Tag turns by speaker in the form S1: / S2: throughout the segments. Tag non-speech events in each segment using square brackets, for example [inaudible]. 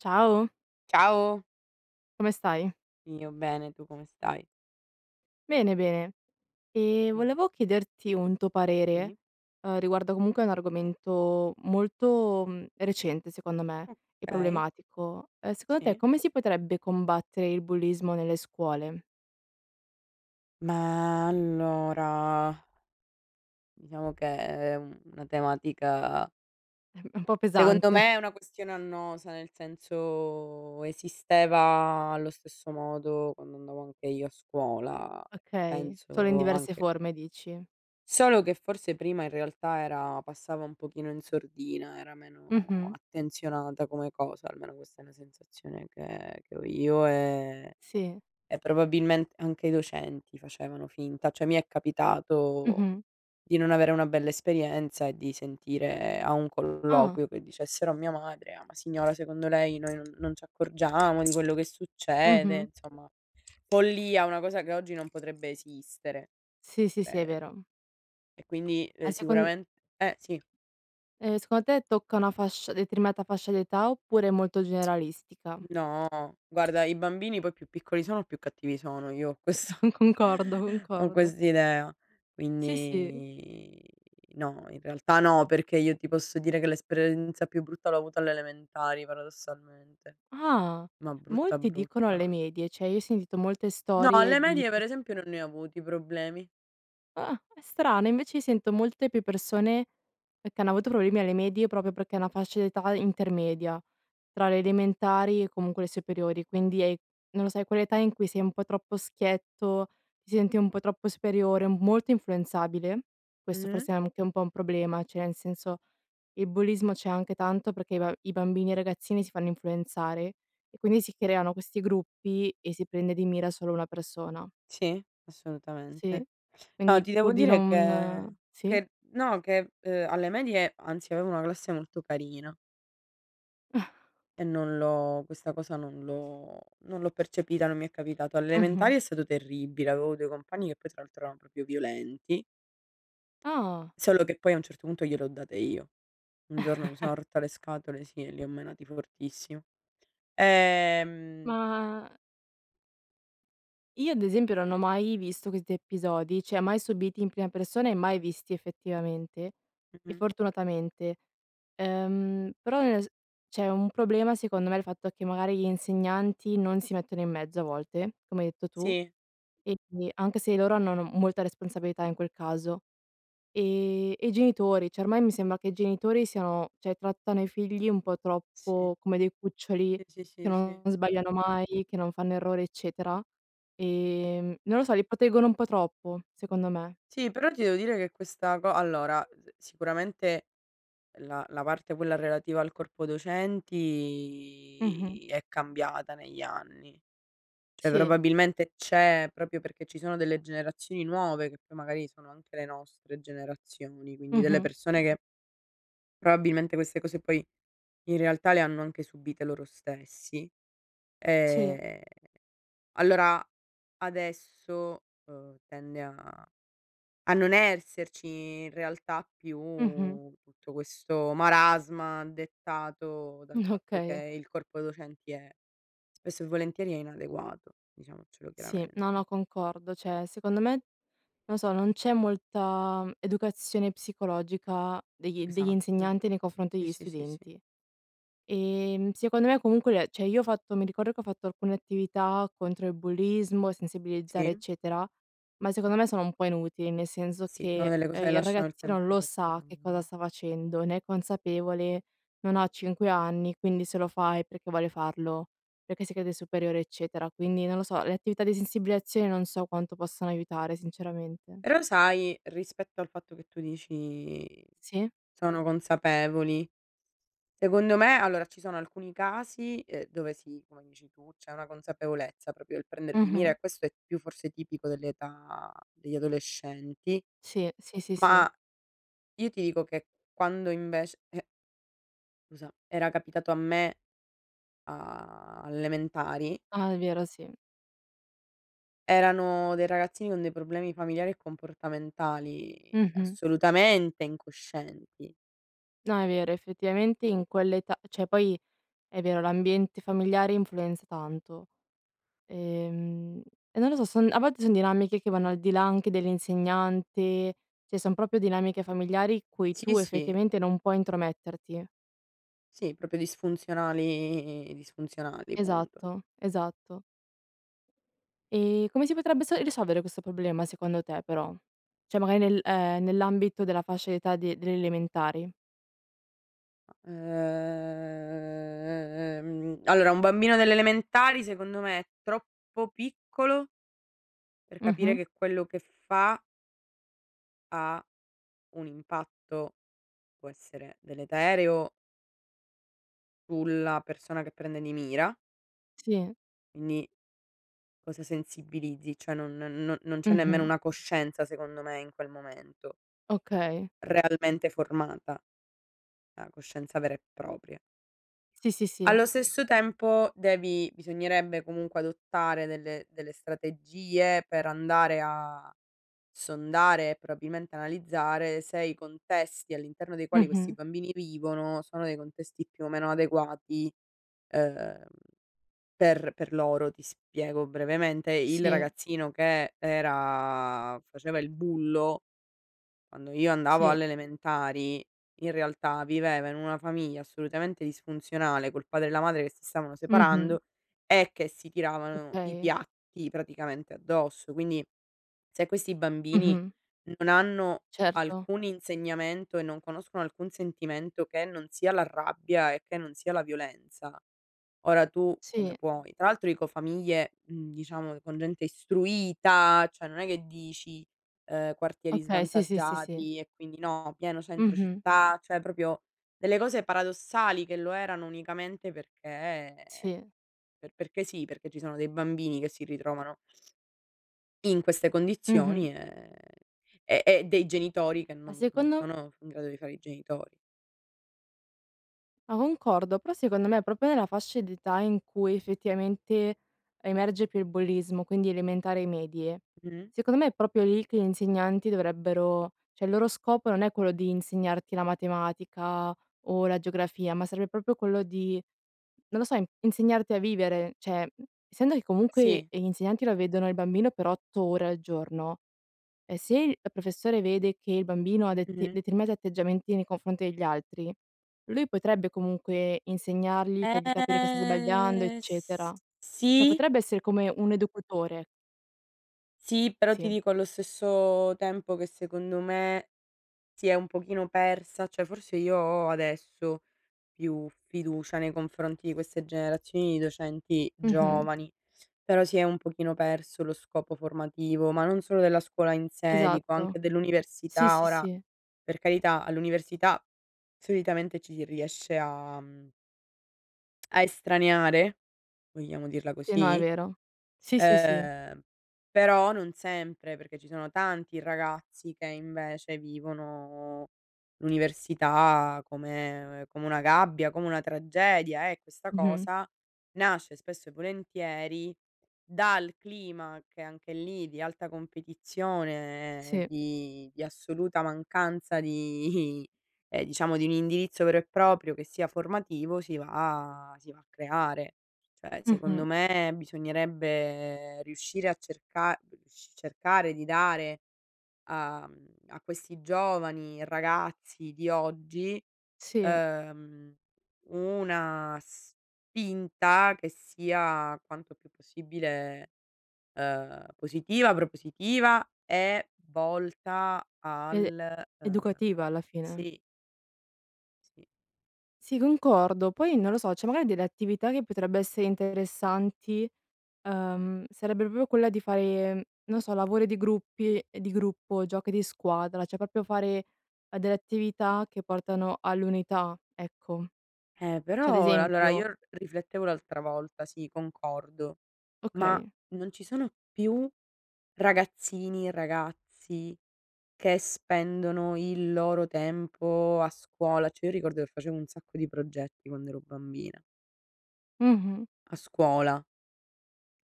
S1: Ciao.
S2: Ciao.
S1: Come stai?
S2: Io bene, tu come stai?
S1: Bene, bene. Ehm, volevo
S2: [unintelligible]
S1: chiederti un tuo parere,
S2: Sì.
S1: uhm, riguardo comunque un argomento molto, mhmm, recente secondo me e
S2: Okay.
S1: problematico: uhm, secondo te
S2: Sì.
S1: come si potrebbe combattere il bullismo nelle scuole?
S2: Ma allora diciamo che è è u una tematica
S1: Ehm, è un po'
S2: secondo
S1: pesante.
S2: me è una questione annosa, nel senso esisteva allo stesso modo quando andavo anche io a scuola.
S1: Okay. Solo in
S2: Penso
S1: diverse
S2: anche
S1: forme dici?
S2: solo che forse prima in realtà era passava un pochino in sordina, era meno
S1: Mh-mh.
S2: attenzionata come cosa, almeno questa è una sensazione che che ho io, ehm,
S1: Sì.
S2: e probabilmente anche i docenti facevano finta; cioè mi è capitato
S1: Mh-mh.
S2: di non avere una bella esperienza e di sentire a un
S1: Ah!
S2: colloquio che dicessero a mia madre: "Ah, ma signora secondo lei noi non non ci accorgiamo di quello che
S1: Mh-mh.
S2: succede." Insomma, follia una cosa che oggi non potrebbe esistere,
S1: Sì, sì, sì è
S2: credo.
S1: vero.
S2: E quindi, ehm,
S1: Ma secon
S2: sicuramen eh, sì.
S1: Ehm, secondo te tocca una fascia determinata fascia d'età oppure è molto
S2: [tsk]
S1: generalistica?
S2: No. Guarda i bambini poi più piccoli sono più cattivi sono, io ho
S1: Sì,
S2: questa
S1: con concordo,
S2: ho
S1: concordo.
S2: quest'idea;
S1: Sì, sì.
S2: quindi no, in realtà no, perché io ti posso dire che l'esperienza più brutta l'ho avuta alle elementari paradossalmente.
S1: Ah!
S2: Ma brutta
S1: Molti dicono
S2: brutta
S1: alle medie. Cioè io ho sentito molte
S2: No, alle
S1: storie di
S2: medie per
S1: [unintelligible]
S2: esempio non ne ho avuti problemi.
S1: Ah, è strano. Invece io sento molte più persone e che hanno avuto problemi alle medie proprio perché è una fascia d'età intermedia tra le elementari e comunque le superiori; quindi è non lo so è quell'età in cui sei un po' troppo schietto, si senti un po' troppo superiore, m molto influenzabile. Questo
S2: Mh.
S1: forse è anche un po' un problema, cioè nel senso il bullismo c'è anche tanto perché i ba i bambini e ragazzini si fanno influenzare e quindi si creano questi gruppi e si prende di mira solo una persona.
S2: Sì,
S1: Sì.
S2: assolutamente. No
S1: Quindi
S2: ti
S1: pur
S2: devo
S1: di
S2: dire
S1: non
S2: che
S1: sì.
S2: che no che, uhm, alle medie anzi avevo una classe molto carina
S1: [chuckles]
S2: e non l'ho questa cosa non l'ho non l'ho percepita, non mi è capitato. Alle
S1: Mh-mh.
S2: elementari è stato terribile, avevo 2 compagni che poi tra l'altro erano proprio violenti
S1: Ah.
S2: solo che poi a un certo punto gliele ho date io. Un giorno mi
S1: [chuckles]
S2: sono rotta le scatole, sì, e li ho menati fortissimo. Ehm
S1: Ma io ad esempio non ho mai visto questi episodi, cioè mai subiti in prima persona e mai visti effettivamente e
S2: Mh-mh.
S1: fortunatamente. Ehm, però nel s cioè un problema secondo è il fatto che magari gli insegnanti non si mettono in mezzo a volte, come hai detto tu,
S2: Sì.
S1: e [unintelligible] anche se i loro hanno, no, molta responsabilità in quel caso. Ehm, e i genitori, cioè ormai mi sembra che i genitori siano cioè trattano i figli un po'
S2: Sì.
S1: troppo come dei cuccioli
S2: I, sì,
S1: che
S2: sì, sì.
S1: non sbagliano mai, che non fanno errori eccetera. Ehm, non lo so li proteggono un po' troppo secondo me.
S2: Sì, però ti devo dire che questa co allora, ehm, si sicuramente la la parte quella relativa al corpo
S1: Mh-mh.
S2: docenti è cambiata negli anni; cioè
S1: Sì.
S2: probabilmente c'è proprio perché ci sono delle generazioni nuove, che poi magari sono anche le nostre generazioni, quindi delle
S1: Mh-mh.
S2: persone che probabilmente queste cose poi in realtà le hanno anche subite loro stessi.
S1: Sì.
S2: Ehm, allora adesso, ehm, tende a a non esserci in realtà più
S1: Mh-mh.
S2: tutto questo marasma dettato dal
S1: [chuckles]
S2: fatto che
S1: Okay.
S2: il corpo docenti è spesso e volentieri è inadeguato diciamocelo
S1: Sì. No,
S2: chiaramente.
S1: no, concordo. Cioè secondo me, non so, non c'è molta educazione psicologica degli degli
S2: Esatto.
S1: insegnanti nei confronti
S2: Sì,
S1: degli
S2: sì, sì, sì.
S1: studenti. Ehm, secondo me comunque l cioè io ho fatto mi ricordo che ho fatto alcune attività contro il bullismo, sensibilizzare
S2: Sì.
S1: eccetera, ma secondo me sono un po' inutili, nel senso
S2: Sì, sono
S1: che,
S2: delle cose
S1: ehm,
S2: che
S1: il
S2: lasciano il
S1: ragazzino
S2: tempo
S1: lo
S2: che
S1: sa che cosa
S2: trovano.
S1: sta facendo, ne è consapevole, non ha 5 anni, quindi se lo fa è perché vuole farlo, perché si crede superiore eccetera. Quindi non lo so, le attività di sensibilizzazione non so quanto possano aiutare sinceramente.
S2: Però sai rispetto al fatto che tu dici:
S1: Sì.
S2: "Sono consapevoli." Secondo me, allora, ci sono alcuni casi, ehm, dove sì, come dici tu, c'è una consapevolezza, proprio il prendere di mira
S1: Mh-mh.
S2: e questo è più forse tipico dell'età degli adolescenti;
S1: Sì, sì, sì, sì.
S2: ma io ti dico che quando invec e Scusa, era capitato a me a all'elementari
S1: Ah, è vero, sì.
S2: erano dei ragazzini con dei problemi familiari e comportamentali
S1: Mh-mh.
S2: assolutamente incoscienti.
S1: No è vero, effettivamente in quell'età cioè poi è vero l'ambiente familiare influenza tanto. Ehm, e non lo so, son a volte son dinamiche che vanno al di là anche dell'insegnante, cioè son proprio dinamiche familiari cui
S2: Sì,
S1: tu
S2: sì.
S1: effettivamente non puoi intrometterti.
S2: Sì proprio disfunzionali disfunzionali punto.
S1: Esatto. Esatto. Ehm, come si potrebbe s risolvere questo problema secondo te, però? Cioè magari nel ehm, nell'ambito della fascia d'età de delle elementari?
S2: Uhm, allora un bambino delle elementari secondo me è troppo piccolo per capire
S1: Mh-mh.
S2: che quello che fa ha un impatto, può essere deleterio sulla persona che prende di mira.
S1: Sì.
S2: Quindi cosa sensibilizzi? Cioè non no non c'è nemmeno
S1: Mh-mh.
S2: una coscienza secondo me in quel momento
S1: Okay.
S2: realmente formata. La coscienza vera e propria.
S1: Sì, sì, sì.
S2: Allo stesso tempo devi bisognerebbe comunque adottare delle delle strategie per andare a sondare e probabilmente analizzare se i contesti all'interno dei quali questi
S1: Mh-mh.
S2: bambini vivono sono dei contesti più o meno adeguati, uhm, per per loro. Ti spiego brevemente: il
S1: Sì.
S2: ragazzino che era faceva il bullo quando io andavo
S1: Sì.
S2: alle elementari, in realtà viveva in una famiglia assolutamente disfunzionale, col padre e la madre che si stavano
S1: Mh-mh.
S2: separando e che si tiravano i
S1: Okay.
S2: piatti praticamente addosso; quindi se questi bambini
S1: Mh-mh.
S2: non hanno
S1: Certo.
S2: alcun insegnamento e non conoscono alcun sentimento che non sia la rabbia e che non sia la violenza, ora tu come
S1: Sì.
S2: puoi Tra l'altro dico famiglie, mhmm, diciamo con gente istruita, cioè non è che dici: "Uhm, quartieri
S1: Okay, sì, sì, sì, sì.
S2: svantaggiati, e quindi" no, pieno centro
S1: Mh-mh.
S2: città. Cioè proprio delle cose paradossali che lo erano unicamente perché
S1: Sì.
S2: per perché sì, perché ci sono dei bambini che si ritrovano in queste
S1: Mh-mh.
S2: condizioni, ehm, e e dei genitori che
S1: Ma
S2: non non
S1: secondo
S2: sono in grado di fare i genitori.
S1: O concordo, però secondo me proprio nella fascia d'età in cui effettivamente emerge più il bullismo, quindi elementari e medie,
S2: Mh.
S1: secondo me è proprio lì che gli insegnanti dovrebbero cioè il loro scopo non è quello di insegnarti la matematica o la geografia, ma serve proprio quello di, non lo so, insegnarti a vivere. Cioè, mhmm, essendo che comunque
S2: Sì.
S1: gli insegnanti lo
S2: Mh.
S1: vedono il bambino per 8 ore al giorno, ehm, se il la professore vede che il bambino ha dete
S2: Mh-mh.
S1: determinati atteggiamenti nei confronti degli altri, lui potrebbe comunque insegnargli, fargli capire che sta sbagliando
S2: Ehm, s
S1: eccetera; cioè
S2: sì?
S1: potrebbe essere come un educatore.
S2: Sì, però ti
S1: Sì.
S2: dico allo stesso tempo che secondo me si è un pochino persa cioè forse io ho adesso più fiducia nei confronti di queste generazioni di docenti
S1: Mh-mh.
S2: giovani, però si è un pochino perso lo scopo formativo, ma non solo della scuola in sé, dico
S1: Esatto.
S2: anche
S1: Sì,
S2: dell'università.
S1: sì,
S2: Ora
S1: sì.
S2: per carità all'università solitamente ci si riesce a, mhmm a estraniare, vogliamo dirla
S1: Sì, no è
S2: così,
S1: vero. Sì, sì, sì.
S2: ehm, però non sempre perché ci sono tanti ragazzi che invece vivono l'università come come una gabbia, come una tragedia e questa
S1: Mh-mh.
S2: cosa nasce spesso e volentieri dal clima che anche lì di alta competizione,
S1: Sì.
S2: di di assoluta mancanza di i ehm, diciamo di un indirizzo vero e proprio che sia formativo si va si va a creare. Cioè secondo
S1: Mh-mh.
S2: me bisognerebbe riuscire a cerca rius cercare di dare a, mhmm a questi giovani ragazzi di oggi,
S1: Sì.
S2: uhm, una spinta che sia quanto più possibile, ehm, positiva, propositiva e volta
S1: Ed è
S2: al, uhm
S1: educativa alla fine.
S2: Sì. Sì.
S1: Si concordo. Poi non lo so, cioè magari delle attività che potrebbe essere interessanti, uhm, sarebbe proprio quella di fare, mhmm, non so, lavori di gruppi ehm, di gruppo, giochi di squadra, cioè proprio fare, ehm, delle attività che portano all'unità, ecco.
S2: Eh
S1: Cioè ad
S2: però ehm, allora
S1: esempio
S2: io r riflettevo l'altra volta, sì concordo, ma
S1: Okay.
S2: non ci sono più ragazzini e ragazzi che spendono il loro tempo a scuola, cioè io ricordo che facevo un sacco di progetti quando ero bambina
S1: Mh-mh.
S2: a scuola.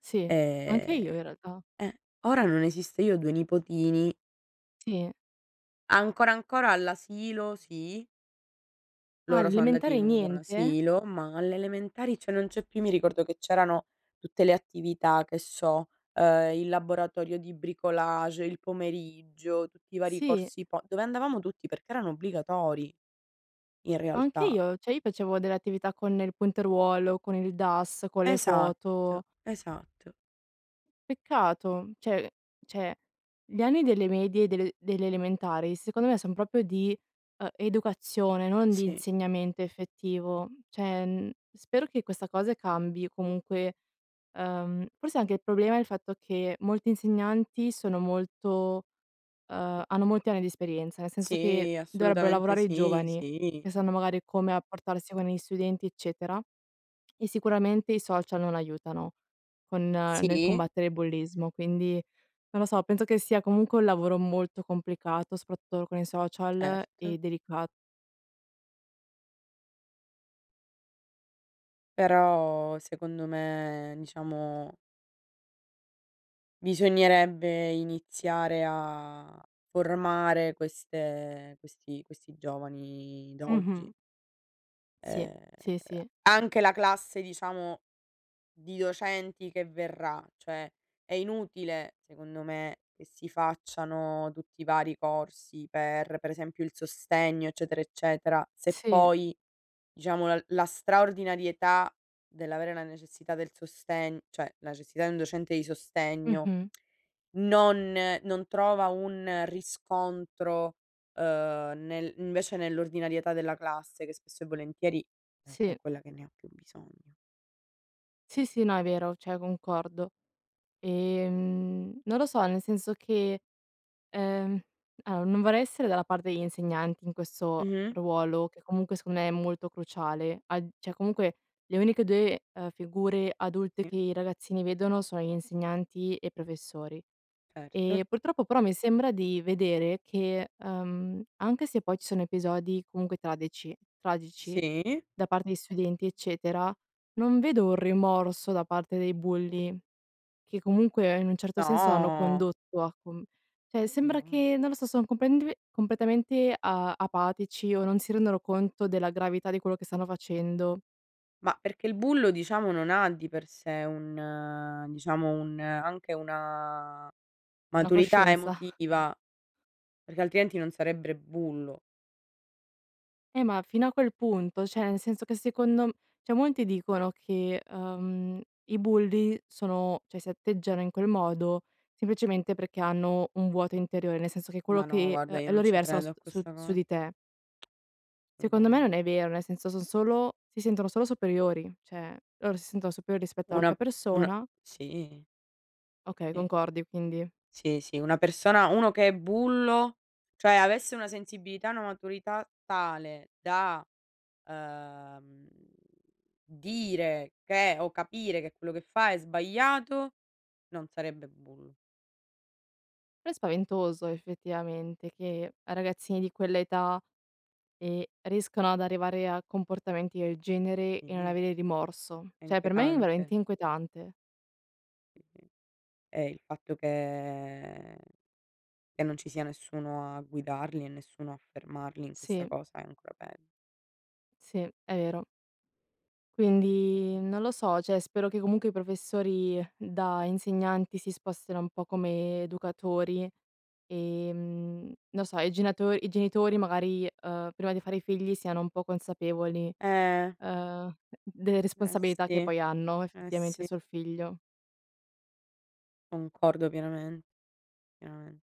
S1: Sì. Anche
S2: Ehm
S1: io in realtà.
S2: eh, ora non esiste, io ho 2 nipotini
S1: Sì.
S2: ancora ancora all'asilo, sì.
S1: Ah,
S2: Loro sono andati in
S1: all'elementari
S2: un buon
S1: niente?
S2: asilo, ma alle elementari cioè non c'è più, io mi ricordo che c'erano tutte le attività, che so: ehm, il laboratorio di bricolage il pomeriggio, tutti i vari
S1: Sì.
S2: corsi po dove andavamo tutti perchè erano obbligatori in
S1: Ma anche
S2: realtà.
S1: io, cioè io facevo delle attività con il punteruolo, con il DAS, con le
S2: Esatto,
S1: foto.
S2: esatto.
S1: Peccato! Cioè- cioè, gli anni delle medie e delle delle elementari, secondo me, son proprio di, ehm, educazione non di
S2: Sì.
S1: insegnamento effettivo; cioè, mhmm, spero che questa cosa cambi, comunque, ehm, forse anche il problema è il fatto che molti insegnanti sono molto, uhm, hanno molti anni di esperienza; nel senso che,
S2: Sì,
S1: dovrebbero
S2: assolutamente
S1: lavorare i
S2: sì,
S1: giovani, che
S2: sì.
S1: sanno magari come rapportarsi con gli studenti eccetera, e sicuramente i social non aiutano con nel
S2: Sì.
S1: combattere il bullismo. Quindi, non lo so, penso che sia comunque un lavoro molto complicato soprattutto, con i social
S2: Certo.
S1: e delicat
S2: Però, secondo me diciamo bisognerebbe iniziare a formare queste questi questi giovani d'oggi.
S1: Mh-mh. Sì,
S2: Ehm,
S1: sì, sì.
S2: anche la classe diciamo, di docenti che verrà, cioè, è inutile secondo me, che si facciano tutti i vari corsi, per per esempio il sostegno, eccetera, eccetera se
S1: Sì.
S2: poi, diciamo la la straordinarietà dell'avere la necessità del sostegno, cioè, necessità di un docente di sostegno,
S1: Mh-mh.
S2: non non trova un riscontro, uhm, nel invece nell'ordinarietà della classe, che spesso e volentieri, è è
S1: Sì.
S2: quella che ne ho più bisogno.
S1: Sì, sì no, è vero cioè, concordo. E, mhmm, non lo so, nel senso che, ehm allora non vorrei essere dalla parte degli insegnanti in questo
S2: Mh-mh.
S1: ruolo, che comunque, secondo me, è molto cruciale; a cioè, comunque le uniche 2 figure adulte
S2: Sì.
S1: che i ragazzini vedono sono gli insegnanti e i professori.
S2: Certo.
S1: Eh, purtroppo però mi sembra di vedere che, ehm, anche se poi, ci sono episodi comunque tradeci tragici
S2: Sì.
S1: da parte di studenti eccetera, non vedo un rimorso da parte dei bulli, che comunque in un certo senso, hanno
S2: No.
S1: condotto a com cioè, sembra
S2: No.
S1: che, non lo so, sono complentve, completamente a apatici o non si rendono conto della gravità di quello che stanno facendo.
S2: Ma, perché il bullo diciamo non ha di per sé un diciamo un anche una
S1: Una
S2: maturità
S1: coscienza! [chuckles]
S2: emotiva, perché altrimenti non sarebbe bullo.
S1: Eh ma fino a quel punto, cioè, nel senso che secondo m cioè, molti dicono che, uhm, i bulli sono cioè, si atteggiano in quel modo, semplicemente perché hanno un vuoto interiore, nel senso che quello
S2: Ma no,
S1: che
S2: guarda,
S1: uhm,
S2: io
S1: e lo
S2: non ci
S1: riversano
S2: credo
S1: s
S2: a
S1: su
S2: questa
S1: su
S2: cosa.
S1: di
S2: [tsk]
S1: te. Secondo me
S2: Solutamente.
S1: non è vero, nel senso, son solo si sentono solo superiori. Cioè, loro si sentono superiori rispetto all'altra
S2: Una una
S1: persona.
S2: sì.
S1: Ok,
S2: Sì.
S1: concordi quindi
S2: Sì, sì, una persona uno che è bullo cioè, avesse una sensibilità e una maturità tale da, uhm, dire che o capire che quello che fa è sbagliato, non sarebbe bullo.
S1: Però è spaventoso effettivamente, che ragazzini di quell'età, e riescano ad arrivare a comportamenti del genere, e non
S2: Sì.
S1: avere rimorso.
S2: È
S1: Cioè, per me è veramente
S2: inquietante.
S1: inquietante.
S2: Eh, il fatto che che non ci sia nessuno a guidarli e nessuno a fermarli in questa
S1: Sì.
S2: cosa è ancora peggio.
S1: Sì, è vero. Quindi, non lo so, cioè, spero che comunque i professori da insegnanti si spostino un po' come educatori, ehm, non so, i genato i genitori magari, uhm, prima di fare i figli siano un po' consapevoli,
S2: Eh.
S1: uhm, delle
S2: Eh
S1: responsabilità che
S2: sì,
S1: poi hanno
S2: eh
S1: effettivamente,
S2: sì.
S1: sul figlio.
S2: Concordo pienamen pienamen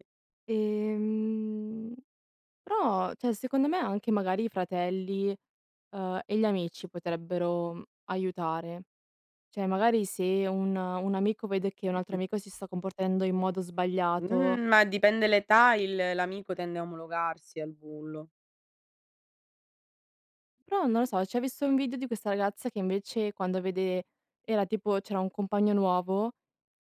S2: Sì.
S1: Ehm, però, cioè, secondo me, anche magari i fratelli, uhm, e gli amici potrebbero aiutare. Cioè, magari se un un amico vede che un altro
S2: Mh-mh.
S1: amico si sta comportando in modo sbagliato.
S2: Mh ma dipende l'età il l'amico tende a omologarsi al bullo.
S1: Però, non lo so, cioè, ho visto un video di questa ragazza che invece quando vede era tipo, c'era un compagno nuovo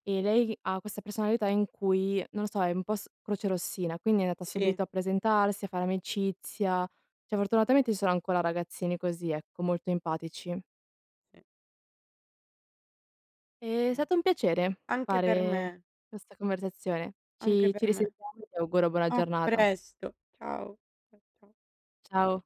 S1: e lei ha questa personalità in cui, non lo so, è un po' s crocerossina, quindi è andata
S2: Sì.
S1: subito a presentarsi, a fare amicizia. Cioè, fortunatamente ci sono ancora ragazzini così ecco, molto empatici. E, è stato un piacere
S2: Anche per me.
S1: fare questa conversazione,
S2: Anche
S1: ci ci
S2: per me.
S1: risentiamo e ti auguro buona
S2: A
S1: giornata.
S2: presto ciao, ciao, ciao.
S1: Ciao.